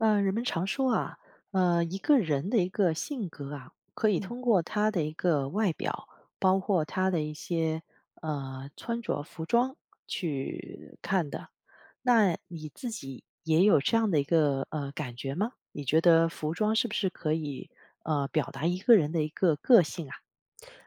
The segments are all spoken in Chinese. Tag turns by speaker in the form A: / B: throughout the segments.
A: 呃，人们常说啊，呃，一个人的一个性格啊，可以
B: 嗯。
A: 通过他的一个外表，包括他的一些，呃，穿着服装去看的。那你自己也有这样的一个，呃，感觉吗？你觉得服装是不是可以，呃，表达一个人的一个个性啊？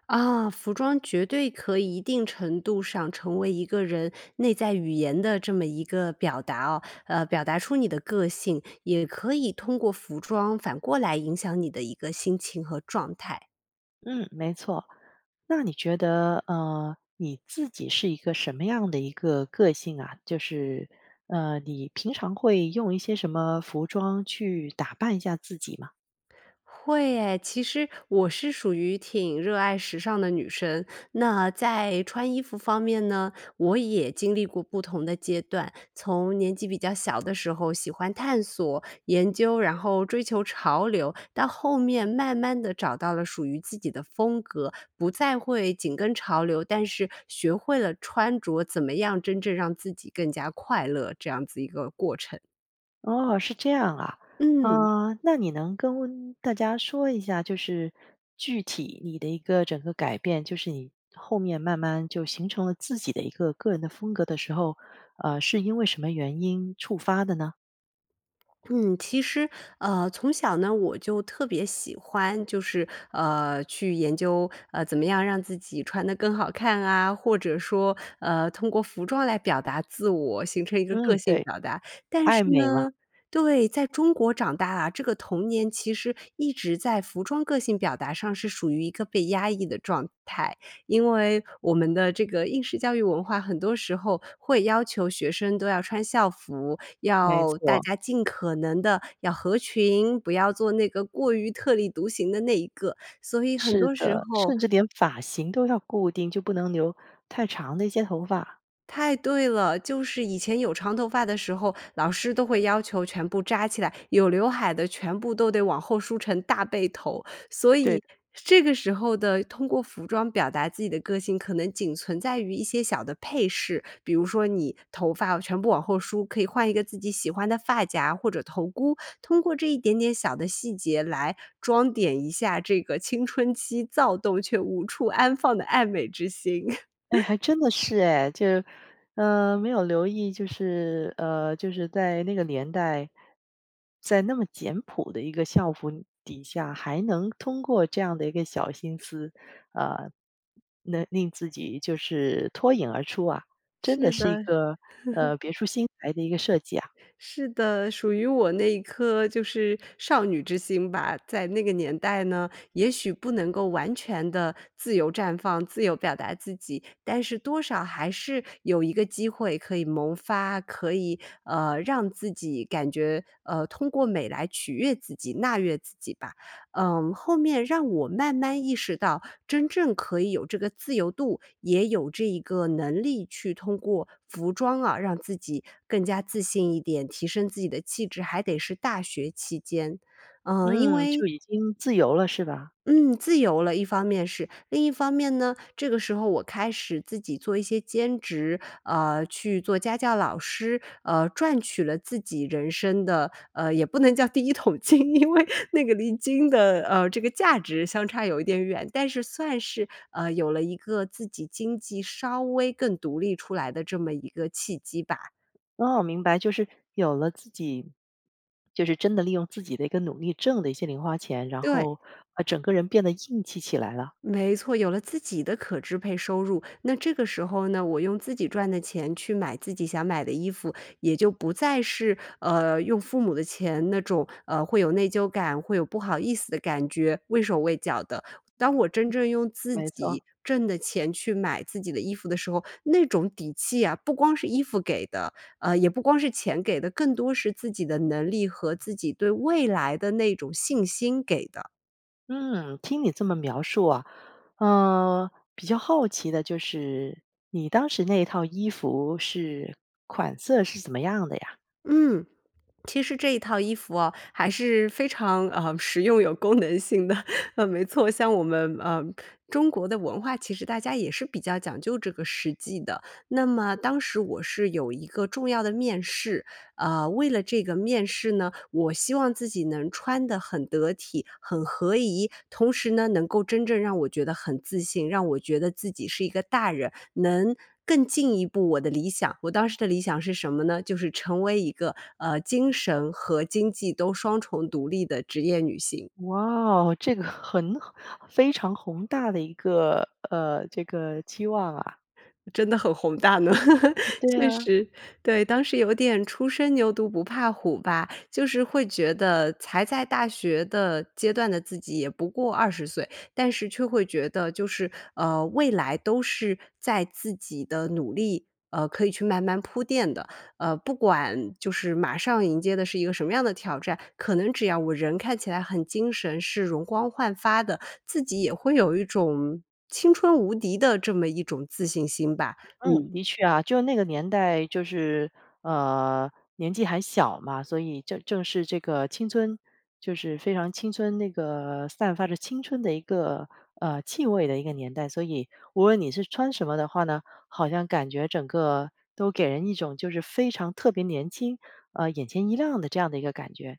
B: 啊，服装绝对可以一定程度上成为一个人内在语言的这么一个表达哦呃，表达出你的个性，也可以通过服装反过来影响你的一个心情和状态。
A: 嗯，没错。那你觉得，呃，你自己是一个什么样的一个个性啊？就是，呃，你平常会用一些什么服装去打扮一下自己吗？
B: 会耶，其实我是属于挺热爱时尚的女生。那在穿衣服方面呢，我也经历过不同的阶段。从年纪比较小的时候喜欢探索研究，然后追求潮流，到后面慢慢地找到了属于自己的风格，不再会紧跟潮流，但是学会了穿着怎么样真正让自己更加快乐这样子一个过程。
A: 哦，是这样啊。
B: 嗯。
A: 啊，那你能跟大家说一下，就是具体你的一个整个改变就是你后面慢慢就形成了自己的一个个人的风格的时候，呃，是因为什么原因触发的呢？
B: 嗯，其实，呃从小呢，我就特别喜欢就是，呃，去研究，呃，怎么样让自己穿得更好看啊，或者说，呃，通过服装来表达自我，形成一个个
A: 嗯，
B: 性
A: 对，
B: 表达。但是
A: 爱美嘛。
B: 呢对，在中国长大啊，这个童年其实一直在服装个性表达上是属于一个被压抑的状态。因为我们的这个应试教育文化很多时候会要求学生都要穿校服，
A: 没
B: 要大
A: 错。
B: 家尽可能地要合群，不要做那个过于特立独行的那一个。所以很
A: 是
B: 多时
A: 的，
B: 候
A: 甚至连发型都要固定，就不能留太长的一些头发。
B: 太对了。就是以前有长头发的时候，老师都会要求全部扎起来，有刘海的全部都得往后梳成大背头。所
A: 对。
B: 以这个时候的，通过服装表达自己的个性可能仅存在于一些小的配饰。比如说你头发全部往后梳，可以换一个自己喜欢的发夹或者头箍，通过这一点点小的细节来装点一下这个青春期躁动却无处安放的爱美之心。
A: 哎，还 真的是哎。就，呃，没有留意，就是呃，就是在那个年代，在那么简朴的一个校服底下，还能通过这样的一个小心思，呃，能令自己就是脱颖而出啊，真的
B: 是
A: 是一
B: 的。
A: 个，呃，别出心裁的一个设计啊。
B: 是的，属于我那颗就是少女之心吧。在那个年代呢，也许不能够完全地自由绽放、自由表达自己，但是多少还是有一个机会可以萌发，可以，呃，让自己感觉，呃，通过美来取悦自己、纳悦自己吧。嗯，后面让我慢慢意识到真正可以有这个自由度，也有这一个能力去通过服装啊，让自己更加自信一点，提升自己的气质，还得是大学期间。嗯，因
A: 嗯，
B: 为
A: 就已经自由了是吧？
B: 嗯，自由了，一方面是。另一方面呢，这个时候我开始自己做一些兼职，呃，去做家教老师，呃，赚取了自己人生的呃，也不能叫第一桶金，因为那个离金的，呃，这个价值相差有一点远，但是算是，呃，有了一个自己经济稍微更独立出来的这么一个契机吧。
A: 哦，明白。就是，有了自己就是真的利用自己的一个努力挣的一些零花钱，然
B: 对。
A: 后把整个人变得硬气起来了。
B: 没错，有了自己的可支配收入。那这个时候呢，我用自己赚的钱去买自己想买的衣服，也就不再是，呃用父母的钱那种，呃，会有内疚感、会有不好意思的感觉、畏手畏脚的。当我真正用自
A: 没错。
B: 己挣的钱去买自己的衣服的时候，那种底气啊，不光是衣服给的，呃，也不光是钱给的，更多是自己的能力和自己对未来的那种信心给的。
A: 嗯，听你这么描述啊，呃，比较好奇的就是，你当时那一套衣服是款色是怎么样的呀？
B: 嗯，其实这一套衣服啊，还是非常，呃，实用有功能性的。啊，没错，像我们，呃，中国的文化，其实大家也是比较讲究这个实际的。那么当时我是有一个重要的面试，呃，为了这个面试呢，我希望自己能穿得很得体，很合宜，同时呢，能够真正让我觉得很自信，让我觉得自己是一个大人，能更进一步我的理想，我当时的理想是什么呢，就是成为一个，呃，精神和经济都双重独立的职业女性。
A: 哇哦，这个很非常宏大的一个，呃，这个期望啊。
B: 真的很宏大呢，
A: 嗯，对
B: 确
A: 啊。
B: 实。对，当时有点初生牛犊不怕虎吧，就是会觉得才在大学的阶段的，自己也不过20岁，但是却会觉得就是，呃，未来都是在自己的努力呃，可以去慢慢铺垫的。呃，不管就是马上迎接的是一个什么样的挑战，可能只要我人看起来很精神，是容光焕发的，自己也会有一种青春无敌的这么一种自信心吧，
A: 嗯，
B: 嗯。
A: 的确啊，就那个年代就是，呃，年纪还小嘛，所以这正是这个青春就是非常青春那个散发着青春的一个，呃，气味的一个年代。所以无论你是穿什么的话呢，好像感觉整个都给人一种就是非常特别年轻，呃，眼前一亮的这样的一个感觉。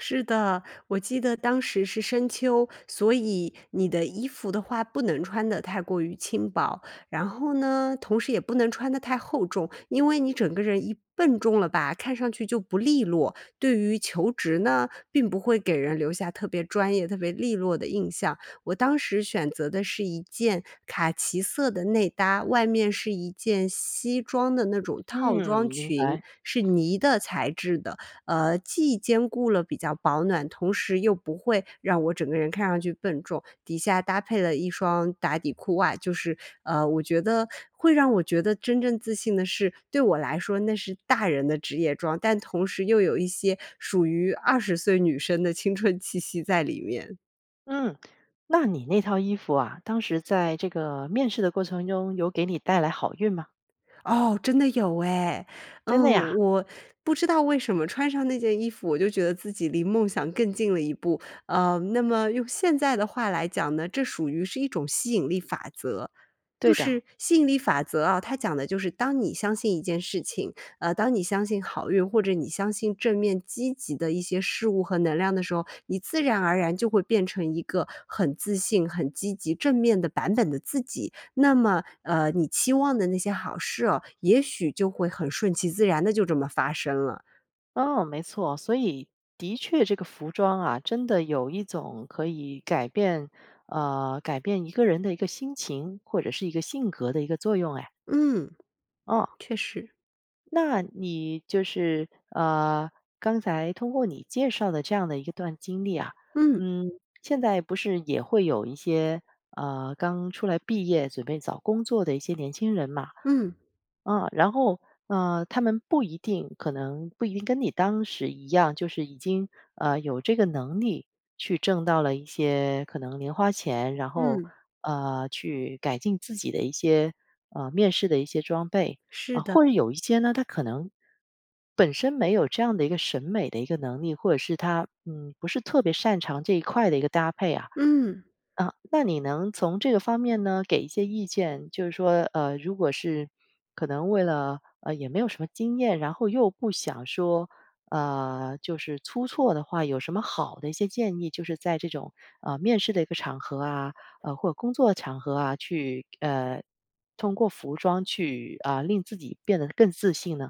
B: 是的，我记得当时是深秋，所以你的衣服的话不能穿得太过于轻薄，然后呢，同时也不能穿得太厚重，因为你整个人一笨重了吧，看上去就不利落，对于求职呢，并不会给人留下特别专业、特别利落的印象。我当时选择的是一件卡其色的内搭，外面是一件西装的那种套
A: 嗯，
B: 装
A: 明
B: 裙，
A: 白。
B: 是呢的材质的，呃既兼顾了比较保暖，同时又不会让我整个人看上去笨重，底下搭配了一双打底裤外，就是，呃我觉得会让我觉得真正自信的是，对我来说那是大人的职业装，但同时又有一些属于20岁女生的青春气息在里面。
A: 嗯，那你那套衣服啊，当时在这个面试的过程中，有给你带来好运吗？
B: 哦，真的有哎。嗯，
A: 真的呀？
B: 我不知道为什么穿上那件衣服，我就觉得自己离梦想更近了一步，呃，那么用现在的话来讲呢，这属于是一种吸引力法则。就
A: 对的。
B: 是吸引力法则啊，它讲的就是，当你相信一件事情，呃，当你相信好运，或者你相信正面积极的一些事物和能量的时候，你自然而然就会变成一个很自信，很积极正面的版本的自己。那么，呃你期望的那些好事哦，也许就会很顺其自然地就这么发生了。
A: 哦，没错。所以的确这个服装啊，真的有一种可以改变呃，改变一个人的一个心情，或者是一个性格的一个作用哎。
B: 嗯。
A: 哦。
B: 确实。
A: 那你就是呃，刚才通过你介绍的这样的一段经历啊。
B: 嗯。
A: 嗯，现在不是也会有一些，呃，刚出来毕业准备找工作的一些年轻人嘛。
B: 嗯。
A: 啊，然后，呃，他们不一定可能不一定跟你当时一样，就是已经，呃，有这个能力去挣到了一些可能零花钱，然后，
B: 嗯。
A: 呃，去改进自己的一些，呃，面试的一些装备。
B: 是
A: 啊，
B: 的。
A: 或者有一些呢，他可能本身没有这样的一个审美的一个能力，或者是他，嗯，不是特别擅长这一块的一个搭配啊。
B: 嗯。
A: 啊，那你能从这个方面呢，给一些意见就是说，呃，如果是可能为了呃，也没有什么经验，然后又不想说，呃，就是出错的话，有什么好的一些建议？就是在这种，呃，面试的一个场合啊或者工作场合啊，去呃，通过服装去，啊，令自己变得更自信呢？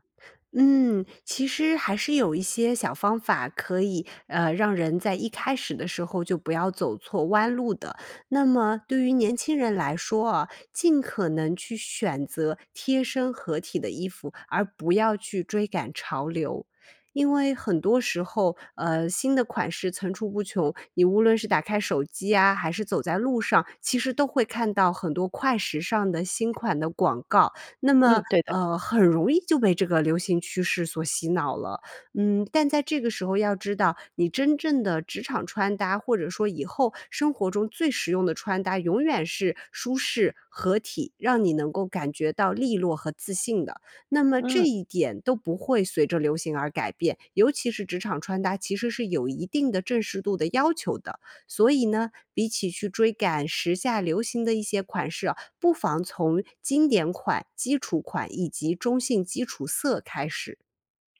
B: 嗯，其实还是有一些小方法可以，呃，让人在一开始的时候就不要走错弯路的。那么对于年轻人来说啊，尽可能去选择贴身合体的衣服，而不要去追赶潮流。因为很多时候，呃，新的款式层出不穷，你无论是打开手机啊，还是走在路上，其实都会看到很多快时尚的新款的广告。那
A: 嗯，
B: 么，
A: 对的。
B: 呃，很容易就被这个流行趋势所洗脑了。嗯，但在这个时候要知道你真正的职场穿搭，或者说以后生活中最实用的穿搭永远是舒适、合体，让你能够感觉到俐落和自信的。那么
A: 嗯。
B: 这一点都不会随着流行而改变，尤其是职场穿搭，其实是有一定的正式度的要求的。所以呢，比起去追赶时下流行的一些款式啊，不妨从经典款、基础款以及中性基础色开始。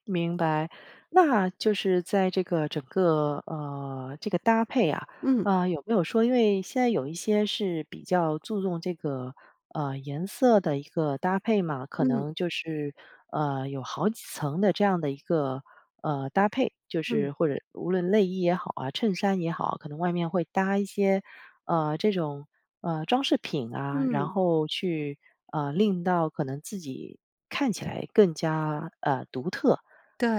A: 明白，那就是在这个整个，呃，这个搭配啊，
B: 嗯。
A: 呃，有没有说因为现在有一些是比较注重这个，呃，颜色的一个搭配嘛，可
B: 嗯。
A: 能就是，呃，有好几层的这样的一个，呃，搭配。就
B: 嗯。
A: 是或者无论内衣也好啊，衬衫也好，可能外面会搭一些，呃，这种，呃，装饰品啊，然
B: 嗯。
A: 后去，呃，令到可能自己看起来更加，呃，独特。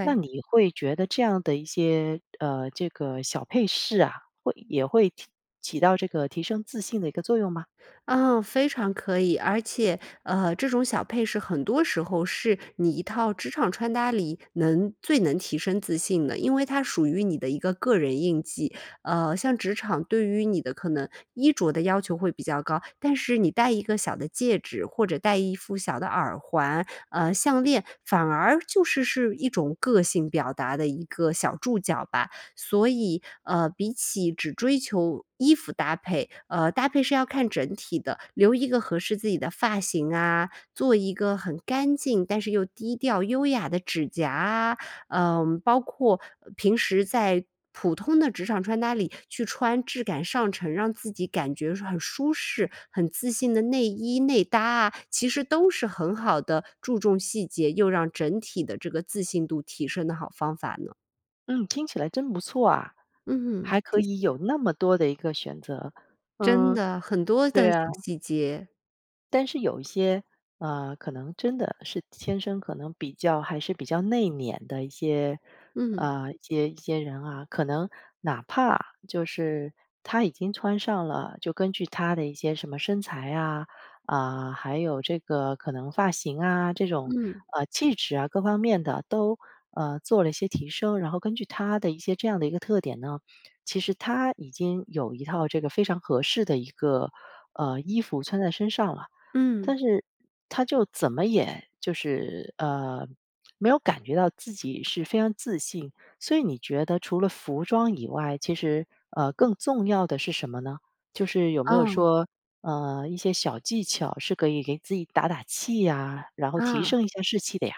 A: 那你会觉得这样的一些，呃，这个小佩饰啊，会也会起到这个提升自信的一个作用吗？
B: 嗯，非常可以，而且，呃，这种小配饰很多时候是你一套职场穿搭里能最能提升自信的，因为它属于你的一个个人印记。呃，像职场对于你的可能衣着的要求会比较高，但是你戴一个小的戒指，或者戴一副小的耳环，呃，项链，反而就是是一种个性表达的一个小注脚吧。所以，呃，比起只追求衣服搭配，呃，搭配是要看整体的，留一个合适自己的发型啊，做一个很干净但是又低调优雅的指甲啊，呃，包括平时在普通的职场穿搭里去穿质感上乘，让自己感觉很舒适，很自信的内衣内搭啊，其实都是很好的注重细节，又让整体的这个自信度提升的好方法呢。
A: 嗯，听起来真不错啊，
B: 嗯，
A: 还可
B: 谢
A: 以
B: 谢。
A: 有那么多的一个选择。
B: 真
A: 嗯，
B: 的，很多
A: 对
B: 的小
A: 啊。
B: 细节。
A: 但是有一些，呃，可能真的是天生可能比较还是比较内敛的一些
B: 嗯。
A: 呃，一些一些人啊，可能哪怕就是他已经穿上了，就根据他的一些什么身材啊，啊，还有这个可能发型啊，这种，
B: 嗯。
A: 呃，气质啊各方面的，都，呃，做了一些提升，然后根据他的一些这样的一个特点呢，其实他已经有一套这个非常合适的一个，呃，衣服穿在身上了。
B: 嗯。
A: 但是他就怎么也就是，呃，没有感觉到自己是非常自信。所以你觉得除了服装以外，其实，呃，更重要的是什么呢？就是有没有
B: 嗯。
A: 说，呃，一些小技巧是可以给自己打打气呀，然后提
B: 啊。
A: 升一下士气的呀？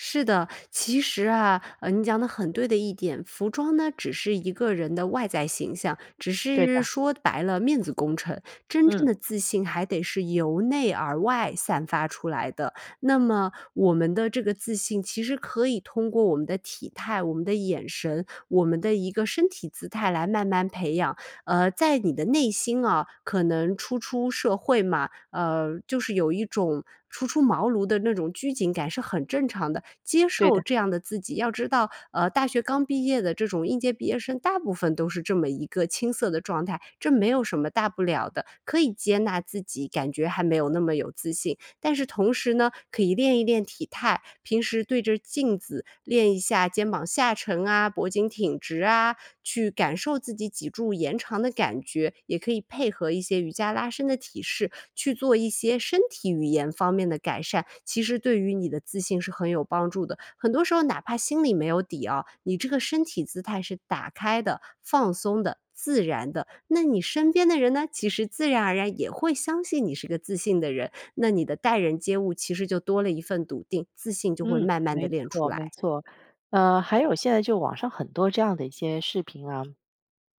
B: 是的。其实啊，呃你讲的很对的一点，服装呢只是一个人的外在形象，只
A: 对
B: 是
A: 的。
B: 说白了面子工程。真正
A: 嗯。
B: 的自信还得是由内而外散发出来的。那么我们的这个自信其实可以通过我们的体态、我们的眼神、我们的一个身体姿态来慢慢培养。呃在你的内心啊，可能初出社会嘛。呃就是有一种初出茅庐的那种拘谨感是很正常的，接
A: 对
B: 受
A: 的。
B: 这样的自己要知道，呃大学刚毕业的这种应届毕业生大部分都是这么一个青涩的状态，这没有什么大不了的，可以接纳自己，感觉还没有那么有自信。但是同时呢，可以练一练体态，平时对着镜子练一下肩膀下沉啊，脖颈挺直啊，去感受自己脊柱延长的感觉，也可以配合一些瑜伽拉伸的体式去做一些身体语言方面的改善。其实对于你的自信是很有帮助的，很多时候哪怕心里没有底哦，你这个身体姿态是打开的、放松的、自然的，那你身边的人呢，其实自然而然也会相信你是个自信的人，那你的待人接物其实就多了一份笃定，自信就会
A: 嗯，
B: 慢慢地
A: 没
B: 练出
A: 错没
B: 来。
A: 错。呃，还有现在就网上很多这样的一些视频啊，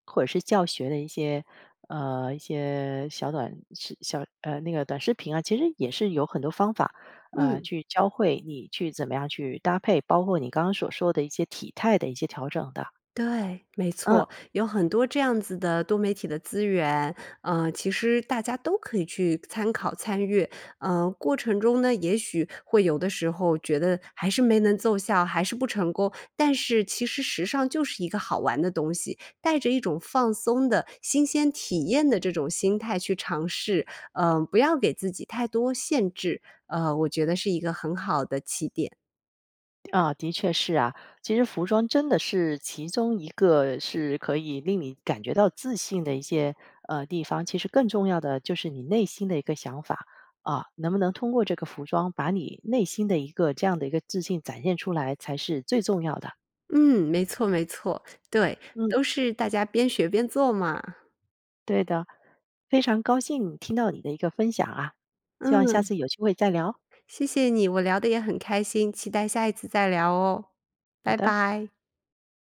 A: 或者是教学的一些，呃，一些小短小呃，那个短视频啊，其实也是有很多方法，呃，
B: 嗯。
A: 去教会你去怎么样去搭配，包括你刚刚所说的一些体态的一些调整的。
B: 对，没
A: 嗯。
B: 错。有很多这样子的多媒体的资源，呃其实大家都可以去参考、参与，呃过程中呢，也许会有的时候觉得还是没能奏效还是不成功。但是其实时尚就是一个好玩的东西，带着一种放松的新鲜体验的这种心态去尝试，呃不要给自己太多限制，呃我觉得是一个很好的起点。
A: 啊，的确是啊。其实服装真的是其中一个是可以令你感觉到自信的一些，呃，地方，其实更重要的就是你内心的一个想法，啊，能不能通过这个服装把你内心的一个这样的一个自信展现出来才是最重要的。
B: 嗯，没错没错。对，
A: 嗯。
B: 都是大家边学边做嘛。
A: 对的，非常高兴听到你的一个分享啊，希望下
B: 嗯。
A: 次有机会再聊。
B: 谢谢你，我聊得也很开心，期待下一次再聊哦。
A: 好
B: 拜
A: 的。
B: 拜。